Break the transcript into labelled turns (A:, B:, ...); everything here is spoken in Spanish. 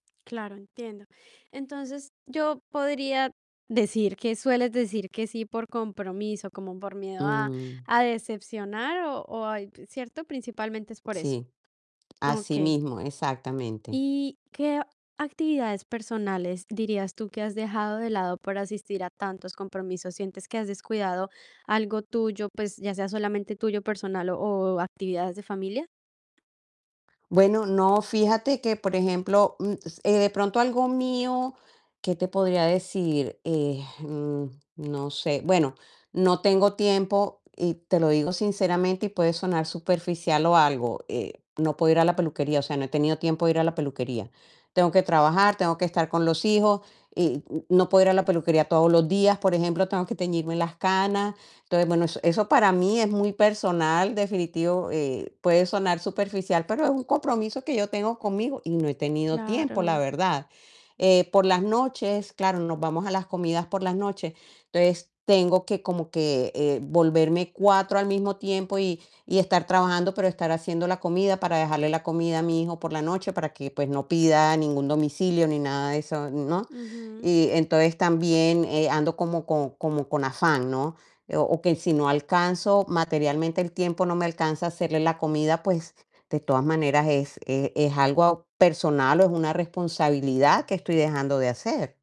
A: Claro, entiendo. Entonces, yo podría decir, que sueles decir que sí, por compromiso, como por miedo a
B: Mm.
A: a decepcionar o o a ¿cierto? Principalmente es por eso.
B: Sí, así
A: Okey.
B: mismo, exactamente.
A: ¿Y qué ac actividades personales dirías tú que has dejado de lado por asistir a tantos compromisos? ¿Sientes que has descuidado algo tuyo, pues ya sea solamente tuyo personal o o actividades de familia?
B: Bueno, no, fíjate que por ejemplo, mm, eh, de pronto algo mío, ¿qué te podría decir?, eh, mm, no sé. Bueno, no tengo tiempo y te lo digo sinceramente y puede sonar superficial o algo, eh, no puedo ir a la peluquería, o sea, no he tenido tiempo de ir a la peluquería. Tengo que trabajar, tengo que estar con los hijos y n no puedo ir a la peluquería todos los días. Por ejemplo, tengo que teñirme las canas. Entonces, bueno, eso eso para mí es muy personal, definitivo, eh, puede sonar superficial, pero es un compromiso que yo tengo conmigo y no he tenido tiempo, la
A: Claro.
B: verdad, eh, por las noches, claro, nos vamos a las comidas por las noches, entonces tengo que, como que, eh, volverme 4 al mismo tiempo y y estar trabajando, pero estar haciendo la comida, para dejarle la comida a mi hijo por la noche para que, pues no pida ningún domicilio ni nada de eso, ¿no?
A: Ujú.
B: Y, entonces también, eh, ando como con como con afán, ¿no? O o que si no alcanzo, materialmente el tiempo no me alcanza a hacerle la comida, pues de todas maneras es es es algo personal o es una responsabilidad que estoy dejando de hacer.